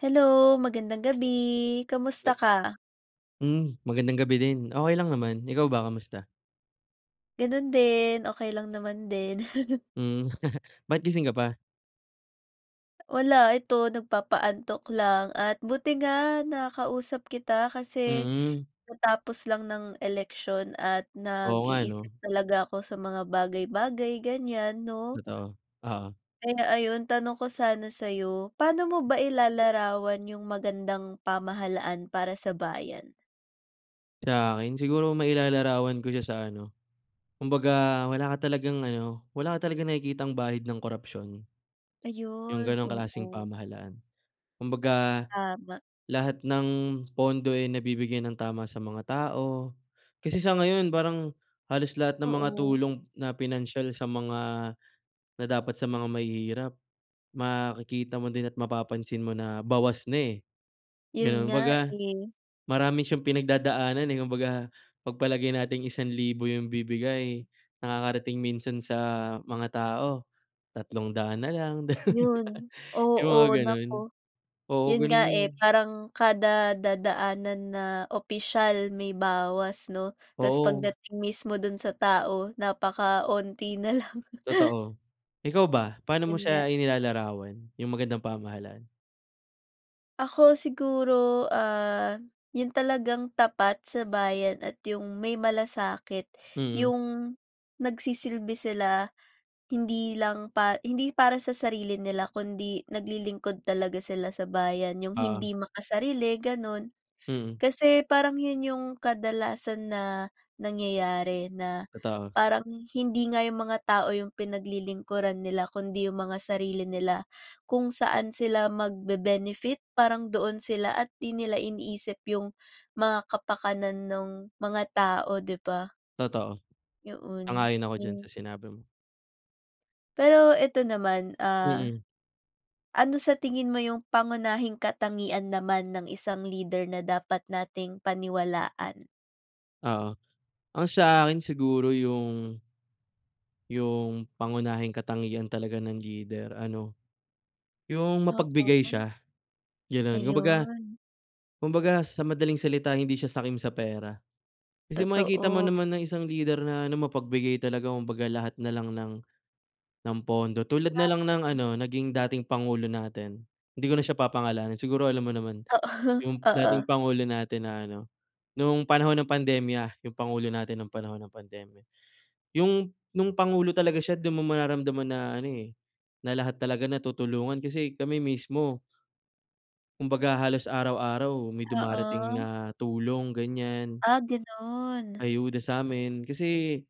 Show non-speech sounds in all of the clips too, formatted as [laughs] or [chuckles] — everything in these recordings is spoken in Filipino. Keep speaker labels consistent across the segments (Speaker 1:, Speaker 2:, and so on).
Speaker 1: Hello, magandang gabi.
Speaker 2: Pe
Speaker 1: Kumusta ka?
Speaker 2: hmm, magandang gabi din. Okey lang naman. Ikaw ba, kamusta?
Speaker 1: Ganun din. Okey lang naman din. [laughs]
Speaker 2: Hmm, [laughs] ba't gising ka pa?
Speaker 1: Wala, ito nagpapaantok lang at buti nga nakausap kita kasi
Speaker 2: Mm.
Speaker 1: katatapos lang ng eleksyon at
Speaker 2: Oo nga
Speaker 1: nag-iisip
Speaker 2: 'no?
Speaker 1: talaga ako sa mga bagay-bagay, ganyan 'no.
Speaker 2: Totoo, oo.
Speaker 1: Kaya ayun, tanong ko sana sa'yo, paano mo ba ilalarawan yung magandang pamahalaan para sa bayan?
Speaker 2: Sa akin? Siguro mailalarawan ko siya sa ano, kumbaga wala ka talagang ano, wala ka talagang nakikitang bahid ng korupsyon. Yung
Speaker 1: Ayun,
Speaker 2: gano'ng klaseng
Speaker 1: oo.
Speaker 2: pamahalaan. Kumbaga,
Speaker 1: Tama.
Speaker 2: lahat ng pondo, eh, nabibigay ng tama sa mga tao. Kasi sa ngayon parang halos lahat ng mga
Speaker 1: Oo.
Speaker 2: tulong na pinansiyal sa mga na dapat sa mga mahihirap makikita mo din at mapapansin mo na bawas na, eh,
Speaker 1: Yun
Speaker 2: ganun.
Speaker 1: nga,
Speaker 2: Kumbaga,
Speaker 1: eh.
Speaker 2: marami siyang pinagdadaanan, eh. Kumbaga, pagpalagay nating 1000 yung bibigay, nakakarating minsan sa mga tao 300 na lang, dalawang
Speaker 1: 'Yon,
Speaker 2: daan, yung
Speaker 1: oo.
Speaker 2: mga gano'n.
Speaker 1: Naku!
Speaker 2: Oo,
Speaker 1: Yun
Speaker 2: ganun
Speaker 1: nga,
Speaker 2: yun.
Speaker 1: eh, parang kada dadaanan na opisyal may bawas 'no? Tas
Speaker 2: Oo.
Speaker 1: pagdating mismo dun sa tao, napakaunti na lang. [chuckles]
Speaker 2: Totoo. Ikaw ba, paano mo
Speaker 1: Yun nga.
Speaker 2: siya inilalarawan? Yung magandang pamahalaan.
Speaker 1: Ako siguro, ah, yun talagang tapat sa bayan at yung may malasakit,
Speaker 2: Mm.
Speaker 1: yung nagsisilbi sila hindi lang pa hindi para sa sarili nila kundi naglilingkod talaga sila sa bayan, yung
Speaker 2: Oo.
Speaker 1: hindi makasarili, ganun.
Speaker 2: Mm.
Speaker 1: Kasi parang yun yung kadalasan na nangyayari na
Speaker 2: Totoo.
Speaker 1: parang hindi nga yung mga tao yung pinaglilingkuran nila kundi yung mga sarili nila. Kung saan sila magbe-benefit parang doon sila at 'di nila iniisip yung mga kapakanan nung mga tao, 'di ba?
Speaker 2: Totoo.
Speaker 1: 'Yon,
Speaker 2: Sang-ayon ako diyan
Speaker 1: hmm.
Speaker 2: sa sinabi mo.
Speaker 1: Pero eto naman, ah,
Speaker 2: Mm.
Speaker 1: ano sa tingin mo yung pangunahing katangian naman ng isang lider na dapat nating paniwalaan?
Speaker 2: Oo. Ang sa akin siguro yung yung pangunahing katangian talaga ng leader ano, yung mapagbigay
Speaker 1: Oo.
Speaker 2: siya, gano'n. Kumbaga
Speaker 1: Ayun.
Speaker 2: kumbaga, sa madaling salita hindi siya sakim sa pera. Kasi makikita mo
Speaker 1: Totoo.
Speaker 2: naman ang isang leader na ano, mapagbigay talaga. Kumbaga, lahat na lang ng ng pondo tulad na
Speaker 1: Tama.
Speaker 2: lang ng ano, naging dating Pangulo natin. Hindi ko na siya papangalanan, siguro alam mo naman.
Speaker 1: Oo.
Speaker 2: 'Yong
Speaker 1: Oo.
Speaker 2: dating pangulo natin na ano, noong panahon ng pandemya, 'yong pangulo natin nung panahon ng pandemya. 'Yong no'ng pangulo talaga siya do'n mo mararamdaman na ano, eh, na lahat talaga natutulungan kasi kami mismo kumbaga, halos araw-araw may dumarating
Speaker 1: Oo.
Speaker 2: na tulong, ganiyan
Speaker 1: Ah, gano'n.
Speaker 2: ayuda sa'min kasi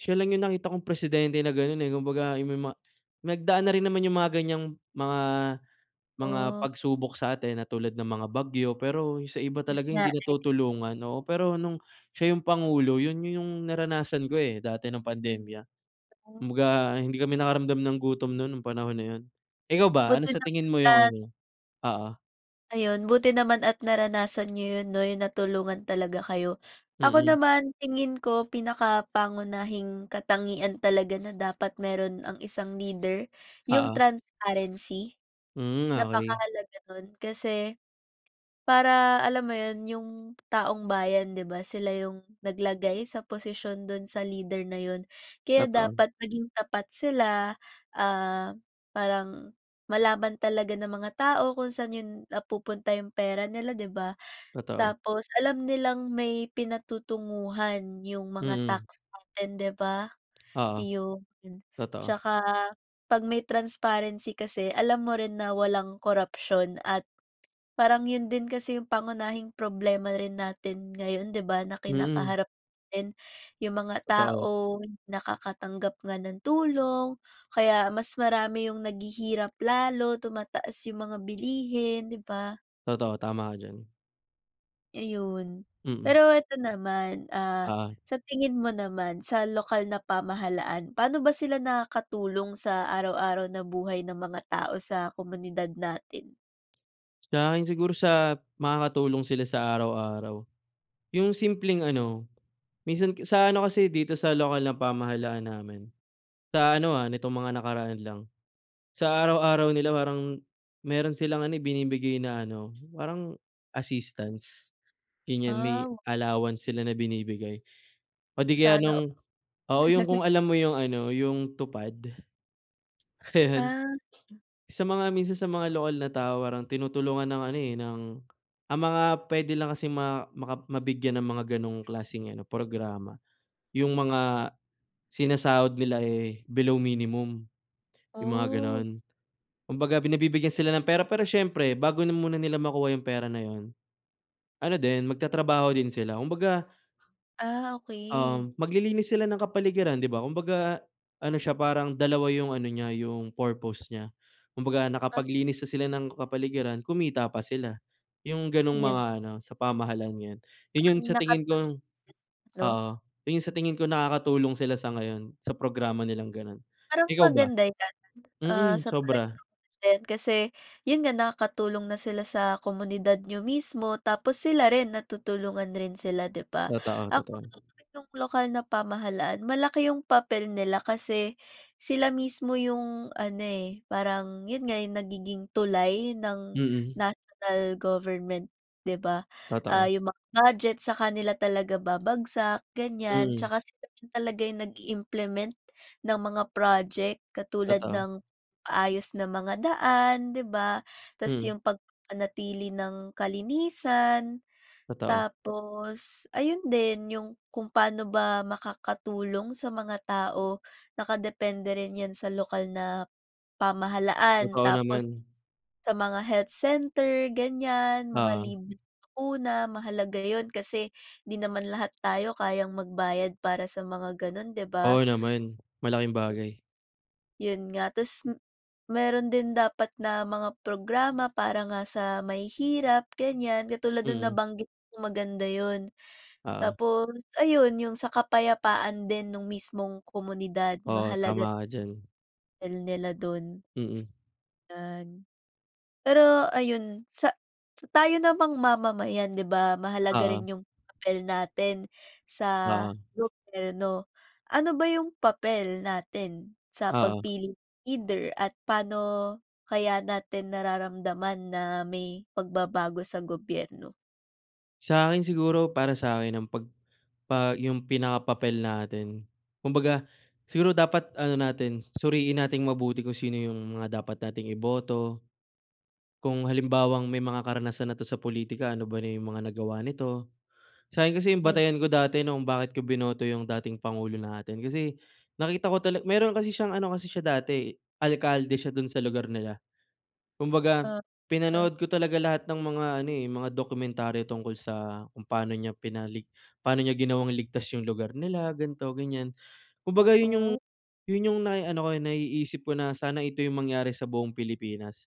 Speaker 2: siya lang 'yong nakita kong presidente na ganun, eh. Kumbaga, ay may ma nagdaan na rin naman yung mga ganiyang mga mga
Speaker 1: Oh.
Speaker 2: pagsubok sa atin na tulad ng mga bagyo, pero yung sa iba
Speaker 1: Yun
Speaker 2: talaga
Speaker 1: nga,
Speaker 2: hindi
Speaker 1: eh.
Speaker 2: natutulungan, oo. Pero nung siya 'yong Pangulo, 'yon 'yong naranasan ko, eh, dati no'ng pandemya.
Speaker 1: Ah.
Speaker 2: Kumbaga, hindi kami nakaramdam ng gutom no'n nong panahon na 'yon. Ikaw ba, ano
Speaker 1: Buti
Speaker 2: sa
Speaker 1: naman
Speaker 2: tingin mo 'yong
Speaker 1: at
Speaker 2: ano? Oo.
Speaker 1: Ayun. Buti naman at naranasan niyo yun 'no, yung natulungan talaga kayo. Ako
Speaker 2: Mm.
Speaker 1: naman tingin ko, pinakapangunahing katangian talaga na dapat meron ang isang leader, yung
Speaker 2: Oo.
Speaker 1: transparency.
Speaker 2: Hmm, okey.
Speaker 1: Napakahalaga nun kasi para, alam mo yun, yung taong bayan 'di ba, sila yung naglagay sa posisyon dun sa leader na yun kaya
Speaker 2: Totoo.
Speaker 1: dapat maging tapat sila, ah, parang malaman talaga ng mga tao kung saan yun napupunta yung pera nila, 'di ba?
Speaker 2: Totoo.
Speaker 1: Tapos alam nilang may pinatutunguhan yung mga
Speaker 2: Mm.
Speaker 1: tax natin, 'di ba,
Speaker 2: Oo,
Speaker 1: iyon.
Speaker 2: totoo.
Speaker 1: Tsaka 'pag may transparency kasi alam mo rin na walang korupsyon at parang yun din kasi yung pangunahing problema rin natin ngayon, 'di ba, na
Speaker 2: Mm.
Speaker 1: kinakaharap din. Yung mga
Speaker 2: Totoo.
Speaker 1: tao nakakatanggap nga ng tulong o kaya mas marami yung naghihirap lalo, tumataas yung mga bilihin, 'di ba?
Speaker 2: Totoo, tama ka diyan.
Speaker 1: Ayun.
Speaker 2: Mm.
Speaker 1: Pero 'eto naman, ah,
Speaker 2: Oo.
Speaker 1: sa tingin mo naman, sa lokal na pamahalaan. Paano ba sila nakakatulong sa araw-araw na buhay ng mga tao sa komunidad natin?
Speaker 2: Sa akin siguro sa makakatulong sila sa araw-araw, yung simpleng ano, minsan ke sa ano kasi dito sa lokal na pamahalaan namin. Sa ano, ah, nitong mga nakaraan lang. Sa araw-araw nila parang meron silang ano, eh, binibigay na ano, parang assistance, ganiyan, may
Speaker 1: Ah, wa
Speaker 2: allowance sila na binibigay o 'di kaya
Speaker 1: Sana o
Speaker 2: no'ng oo. 'Yong
Speaker 1: [chuckles]
Speaker 2: kung alam mo 'yong ano, 'yong Tupad? Ayun.
Speaker 1: Ah, m
Speaker 2: Sa mga minsan sa mga lokal na tao parang tinutulungan ng ano, eh, ng ang mga puwede lang kasi ma maka mabigyan ng mga ganung klaseng ano, programa, 'yong mga sinasahod nila, eh, below minimum, 'yong mga
Speaker 1: Oh.
Speaker 2: gano'n. Kumbaga, binibibigyan sila ng pera. Pero siyempre, bago na muna nila makuha 'yong pera na 'yon, ano din, magtatrabaho din sila. Kumbaga
Speaker 1: Ah, okey.
Speaker 2: um, maglilinis sila ng kapaligiran, 'di ba. Kumbaga, ano siya, parang 2 yung ano niya, yung purpose niya. Kumbaga,
Speaker 1: Ah.
Speaker 2: nakapaglinis na sila ng kapaligiran, kumita pa sila. Yung gano'ng
Speaker 1: 'Yon.
Speaker 2: mga ano, sa pamahalan ngayon. Yun yung
Speaker 1: Parang
Speaker 2: sa tingin
Speaker 1: nakatulong
Speaker 2: kong
Speaker 1: 'no?
Speaker 2: oo. Iyon sa tingin ko nakakatulong sila sa ngayon, sa programa nilang ganun.
Speaker 1: Parang
Speaker 2: Ikaw ba?
Speaker 1: maganda 'yan. Ah,
Speaker 2: Mm,
Speaker 1: sa palagay
Speaker 2: sobra.
Speaker 1: ko din kasi 'yon nga nakakatulong na sila sa komunidad niyo mismo tapos sila rin natutulungan rin sila, 'di ba?
Speaker 2: Totoo,
Speaker 1: Ako rin
Speaker 2: totoo.
Speaker 1: naman 'yong lokal na pamahalaan malaki 'yong papel nila kasi sila mismo 'yong ano, eh, parang 'yon nga, yung nagiging tulay ng
Speaker 2: Mm.
Speaker 1: national government, 'di ba?
Speaker 2: Totoo.
Speaker 1: Ah, yung mga budget sa kanila talaga babagsak, ganiyan
Speaker 2: Mm.
Speaker 1: tsaka sila din talaga yung nag-i-implement ng mga project katulad
Speaker 2: Totoo.
Speaker 1: ng paayos na mga daan, 'di ba? Tapos
Speaker 2: Mm.
Speaker 1: yung pagpapanatili ng kalinisan.
Speaker 2: Totoo.
Speaker 1: Tapos ayun din, yung kung paano ba makakatulong sa mga tao, naka-depende rin 'yan sa lokal na pamahalaan
Speaker 2: Totoo
Speaker 1: tapos
Speaker 2: naman.
Speaker 1: sa mga health center, ganiyan, mga
Speaker 2: Oo.
Speaker 1: libreng bakuna. Mahalaga yun kasi di naman lahat tayo kayang magbayad para sa mga ganun, 'di
Speaker 2: Oo
Speaker 1: ba?
Speaker 2: naman. Malaking bagay.
Speaker 1: 'Yon nga. Tas m meron din dapat na mga programa para nga sa mahihirap, ganiyan katulad nung
Speaker 2: Mm.
Speaker 1: nabanggit mo maganda 'yon.
Speaker 2: Oo.
Speaker 1: Tapos ayun, 'yong sa kapayapaan din nung mismong komunidad,
Speaker 2: Oo,
Speaker 1: mahalaga din
Speaker 2: tama ka diyan.
Speaker 1: papel nila dun.
Speaker 2: Mm.
Speaker 1: 'Yan. Pero ayun, sa tayo namang mamamayan, 'di ba, mahalaga
Speaker 2: Oo.
Speaker 1: rin yung papel natin sa
Speaker 2: Oo
Speaker 1: gobyerno. Ano ba yung papel natin sa
Speaker 2: Oo.
Speaker 1: pagpili either at paano kaya natin nararamdaman na may pagbabago sa gobyerno?
Speaker 2: Sa 'kin siguro, para sa'kin ang pag pa yung pinaka-papel natin kumbaga siguro dapat ano natin, suriin nating mabuti kung sino yung mga dapat nating iboto. Kung halimbawang may mga karanasan na 'to sa pulitika, ano ba na yung mga nagawa nito? Sa'kin kasi yung
Speaker 1: Yun.
Speaker 2: batayan ko dati nung bakit ko binoto yung dating pangulo natin kasi nakita ko tala meron kasi siyang ano kasi siya dati, eh, alkalde siya dun sa lugar nila. Kumbaga,
Speaker 1: Oh, ah.
Speaker 2: pinanood ko talaga lahat ng mga ano, eh, mga dokumentaryo tungkol sa kung paano niya pinalig paano niya ginawang ligtas yung lugar nila, ganito ganyan. Kumbaga, yun yung
Speaker 1: Oh.
Speaker 2: yun yung nai-ano ko, eh, naiisip ko na sana ito yung mangyari sa buong Pilipinas.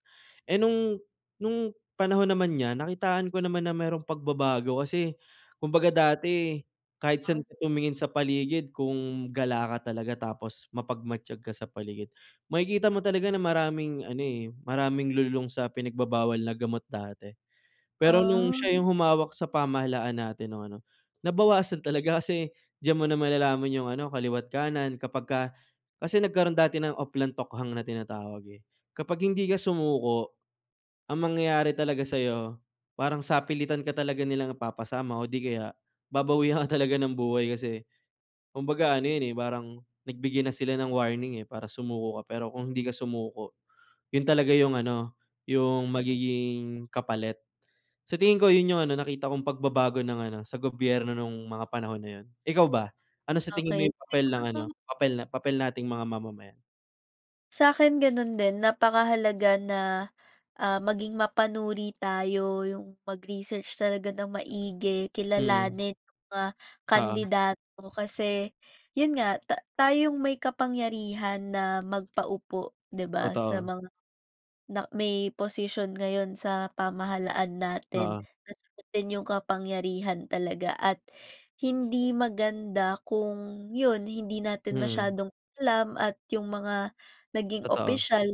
Speaker 2: Eh, nung nung panahon naman niya, nakitaan ko naman na merong pagbabago kasi kumbaga dati kahit
Speaker 1: Ah.
Speaker 2: saan ka tumingin sa paligid kung gala ka talaga tapos mapagmatyag ka sa paligid, makikita mo talaga na maraming ano, eh, maraming lulong sa pinagbabawal na gamot dati. Pero nung
Speaker 1: Ah.
Speaker 2: siya yung humawak sa pamahalaan natin nung ano, nabawasan talaga kasi diyan mo na malalaman 'yong ano, kaliwa't kanan kapagka kasi nagkaroon dati ng Oplan Tokhang na tinatawag, eh. Kapag hindi ka sumuko, ang mangyayari talaga sa'yo, parang sapilitan ka talaga nilang ipapasama o 'di kaya babawian ka talaga ng buhay kasi kumbaga ano 'yon, eh, parang nagbigay na sila ng warning, eh, para sumuko ka, pero kung hindi ka sumuko 'yon talaga 'yong ano, 'yong
Speaker 1: Mm.
Speaker 2: magiging kapalit. Sa tingin ko yun yung ano, nakita kong pagbabago ng ano, sa gobyerno nung mga panahon na yun. Ikaw ba, ano sa tingin mo
Speaker 1: Okey,
Speaker 2: yung
Speaker 1: may
Speaker 2: papel
Speaker 1: mga
Speaker 2: ng ano,
Speaker 1: tanong
Speaker 2: papel na papel nating mga mamamayan?
Speaker 1: Sa'kin ganun din. Napakahalaga na, ah, maging mapanuri tayo, yung mag-research talaga nang maigi,
Speaker 2: Mm.
Speaker 1: kilalanin yung mga
Speaker 2: Oo.
Speaker 1: kandidato kasi yun nga, ta tayo yung may kapangyarihan na magpaupo, 'di ba, sa
Speaker 2: Totoo.
Speaker 1: mga na may posisyon ngayon sa pamahalaan natin.
Speaker 2: Oo.
Speaker 1: Nasa atin yung kapangyarihan talaga at hindi maganda kung yun, hindi natin
Speaker 2: Mm.
Speaker 1: masyadong alam at yung mga naging
Speaker 2: Totoo.
Speaker 1: opisyal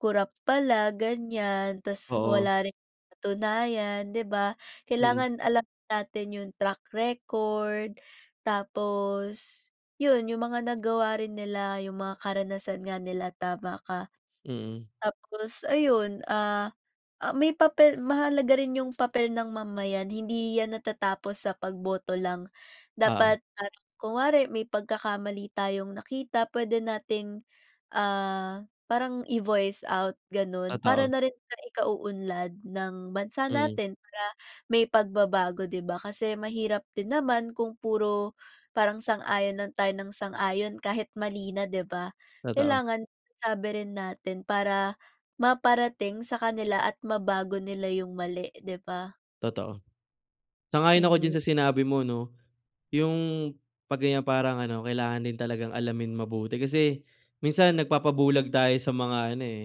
Speaker 1: kurap pala, ganiyan tas
Speaker 2: Oo.
Speaker 1: wala ring napatunayan, di ba?
Speaker 2: Mm.
Speaker 1: Kailangan alam natin yung track record tapos yun, yung mga nagawa rin nila, yung mga karanasan nga nila, tama ka.
Speaker 2: Mm.
Speaker 1: Tapos ayun, ah, ah, may papel mahalaga rin yung papel ng mamayan. Hindi 'yan natatapos sa pagboto lang.
Speaker 2: Oo.
Speaker 1: Dapat parang kunwari, may pagkakamali tayong nakita pwede nating, ah, parang i-voice out, ganun. Para
Speaker 2: Totoo.
Speaker 1: na rin sa ikauunlad ng bansa
Speaker 2: Mm.
Speaker 1: natin para may pagbabago, 'di ba? Kasi mahirap din naman kung puro parang sang-ayon lang tayo ng sang-ayon kahit mali na, 'di ba?
Speaker 2: Totoo.
Speaker 1: Kailangan masabi rin natin para maparating sa kanila at mabago nila yung mali, di ba?
Speaker 2: Totoo. Sang-ayon ako diyan
Speaker 1: Ayun.
Speaker 2: sa sinabi mo 'no. 'Yong 'pag ganiyan parang ano, kailangan din talagang alamin mabuti kasi minsan nagpapabulag tayo sa mga ano, eh,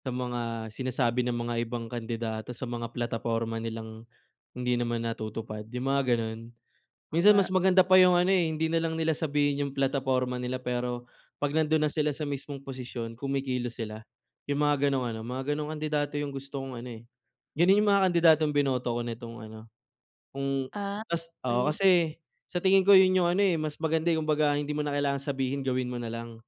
Speaker 2: sa mga sinasabi ng mga ibang kandidato, sa mga plataporma nilang hindi naman natutupad, 'yong mga gano'n.
Speaker 1: Oo
Speaker 2: Minsan mas
Speaker 1: nga.
Speaker 2: maganda pa 'yong ano, eh, hindi na lang nila sabihin 'yong plataporma nila, pero 'pag nando'n na sila sa mismong posisyon, kumikilos sila. 'Yong mga gano'ng ano, mga gano'ng kandidato 'yong gusto kong ano, eh, gano'n 'yong mga kandidatong binoto ko nitong ano, kung
Speaker 1: Ah,
Speaker 2: tas oo.
Speaker 1: puwede.
Speaker 2: Kasi sa tingin ko yun yung ano, eh, mas maganda, eh, kumbaga hindi mo na kailangang sabihin, gawin mo na lang.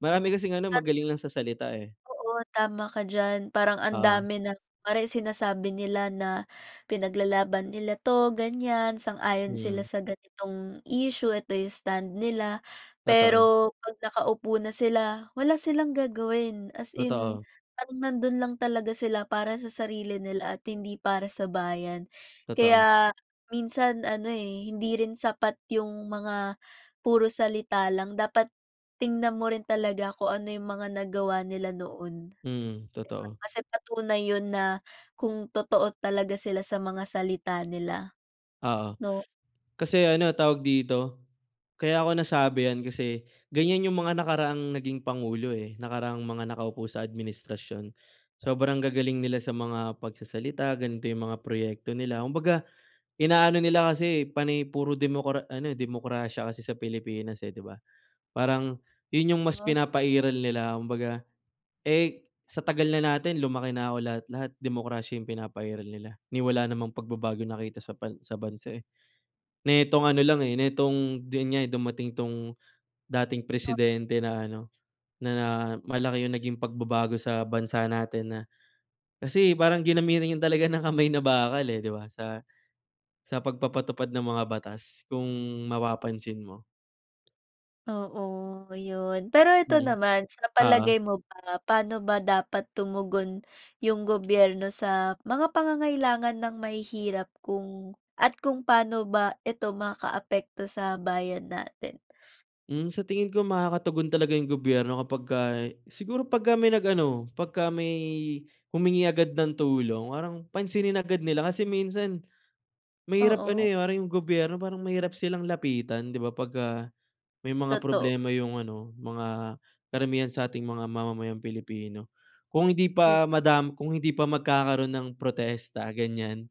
Speaker 2: Marami kasing ano,
Speaker 1: An
Speaker 2: magaling lang sa salita, eh.
Speaker 1: Oo, tama ka diyan. Parang ang
Speaker 2: Oo.
Speaker 1: dami ng parang yung sinasabi nila na pinaglalaban nila 'to, ganiyan. Sang-ayon sila
Speaker 2: Hmm.
Speaker 1: sa ganitong issue, 'eto 'yong stand nila,
Speaker 2: Totoo.
Speaker 1: pero 'pag nakaupo na sila, wala silang gagawin. As in
Speaker 2: Totoo.
Speaker 1: parang nandun lang talaga sila para sa sarili nila at hindi para sa bayan.
Speaker 2: Totoo.
Speaker 1: Kaya minsan ano, eh, hindi rin sapat yung mga puro salita lang. Dapat tingnan mo rin talaga kung ano yung mga nagawa nila noon. 'Di
Speaker 2: Mm,
Speaker 1: ba?
Speaker 2: totoo.
Speaker 1: Kasi patunay yun na kung totoo talaga sila sa mga salita nila,
Speaker 2: Oo.
Speaker 1: 'no?
Speaker 2: Kasi ano, tawag dito? Kaya ko nasabi 'yan kasi ganiyan yung mga nakaraang naging pangulo, eh, nakaraang mga nakaupo sa administrasyon. Sobrang gagaling nila sa mga pagsasalita, ganito yung mga proyekto nila, kumbaga inaano nila kasi eh, panay puro demokra ano, eh, demokrasya kasi sa Pilipinas, eh, 'di ba? Parang yun yung mas
Speaker 1: Oh.
Speaker 2: pinapairal nila kumbaga, eh, sa tagal na natin, lumaki na ako lahat-lahat demokrasya yung pinapairal nila, ni wala namang pagbabago nakita sa pan sa bansa, eh. Netong ano lang, eh, netong di yun nga dumating 'tong dating
Speaker 1: A
Speaker 2: presidente na ano, na na malaki yung naging pagbabago sa bansa natin na kasi parang ginamitan niya talaga ng kamay na bakal, eh, 'di ba, sa sa pagpapatupad ng mga batas kung mapapansin mo.
Speaker 1: Oo, yun. Pero 'eto
Speaker 2: Mm,
Speaker 1: naman, sa
Speaker 2: oo.
Speaker 1: palagay mo ba, paano ba dapat tumugon yung gobyerno sa mga pangangailangan ng mahihirap kung at kung paano ba ito makakaapekto sa bayan natin?
Speaker 2: Hmm, sa tingin ko makakatugon talaga yung gobyerno kapagka siguro pagka may nag-ano, pagka may humingi agad ng tulong parang pansinin agad nila kasi minsan mahirap ano,
Speaker 1: Oo.
Speaker 2: eh, parang yung gobyerno, parang mahirap silang lapitan, 'di ba, pagka may mga
Speaker 1: Totoo.
Speaker 2: problema yung ano, mga karamihan sa ating mga mamamayang Pilipino. Kung hindi
Speaker 1: Yun.
Speaker 2: pa madam kung hindi pa magkakaroon ng protesta, ganiyan,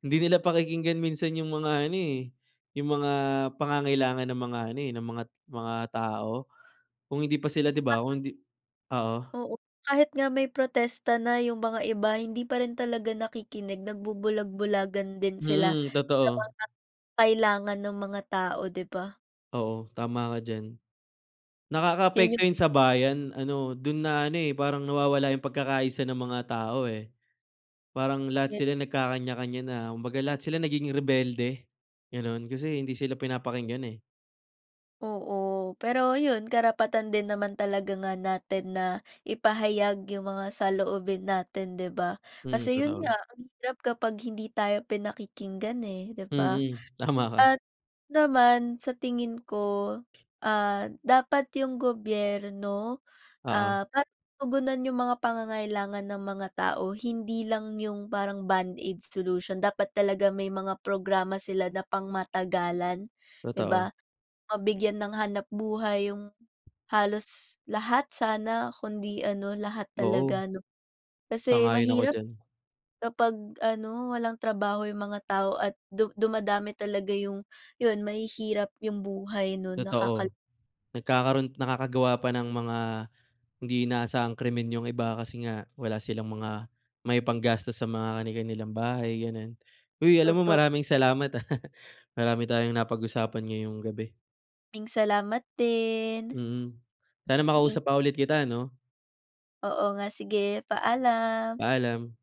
Speaker 2: hindi nila pakikinggan minsan 'yong mga ano, eh, 'yong mga pangangailangan ng mga ano, eh, ng mga mga tao. Kung hindi pa sila 'di
Speaker 1: Kapag
Speaker 2: ba, kung hindi oo.
Speaker 1: Oo. Kahit nga may protesta na yung mga iba, hindi pa rin talaga nakikinig, nagbubulag-bulagan din sila
Speaker 2: Mm,
Speaker 1: sa
Speaker 2: totoo.
Speaker 1: mga kailangan ng mga tao, 'di ba?
Speaker 2: Oo, tama ka diyan.
Speaker 1: 'Yan yun
Speaker 2: Nakakaapekto 'yon sa bayan ano, dun na ano, eh, parang nawawala yung pagkakaisa ng mga tao, eh. Parang lahat
Speaker 1: 'Yan
Speaker 2: sila nagkakanya-kanya na. Kumbaga, lahat sila nagiging rebelde, gano'n kasi hindi sila pinapakinggan, eh.
Speaker 1: Oo. Pero iyon, karapatan din naman talaga nga natin na ipahayag yung mga saloobin natin, 'di ba?
Speaker 2: Hmm,
Speaker 1: Kasi yun
Speaker 2: totoo.
Speaker 1: nga, ang hirap kapag hindi tayo pinakikinggan, eh, di ba?
Speaker 2: Mm, tama ka.
Speaker 1: At naman sa tingin ko, ah, dapat yung gobyerno,
Speaker 2: Oo.
Speaker 1: ah, parang tugunan yung mga pangangailangan ng mga tao hindi lang yung parang band-aid solution. Dapat talaga may mga programa sila na pangmatagalan, di
Speaker 2: Totoo.
Speaker 1: ba? Mabigyan ng hanapbuhay yung halos lahat sana kundi ano, lahat
Speaker 2: Oo.
Speaker 1: talaga 'no. Kasi
Speaker 2: Sang-ayon ako
Speaker 1: mahirap
Speaker 2: diyan.
Speaker 1: kapag ano, walang trabaho yung mga tao at du dumadami talaga yung yun mahihirap yung buhay, 'no nakakal
Speaker 2: Totoo. Nagkakaroon nakakagawa pa ng mga hindi inaasahang krimen yung iba kasi nga wala silang mga maipanggastos sa mga kani-kanilang bahay, ganun. Uy, alam mo
Speaker 1: Toto
Speaker 2: maraming salamat, ha. [laughs] Marami tayong napag-usapan ngayong gabi.
Speaker 1: Ming salamat din.
Speaker 2: Mm, sana
Speaker 1: Mag-i
Speaker 2: makausap pa ulit kita 'no.
Speaker 1: Oo nga, sige, paalam.
Speaker 2: Paalam.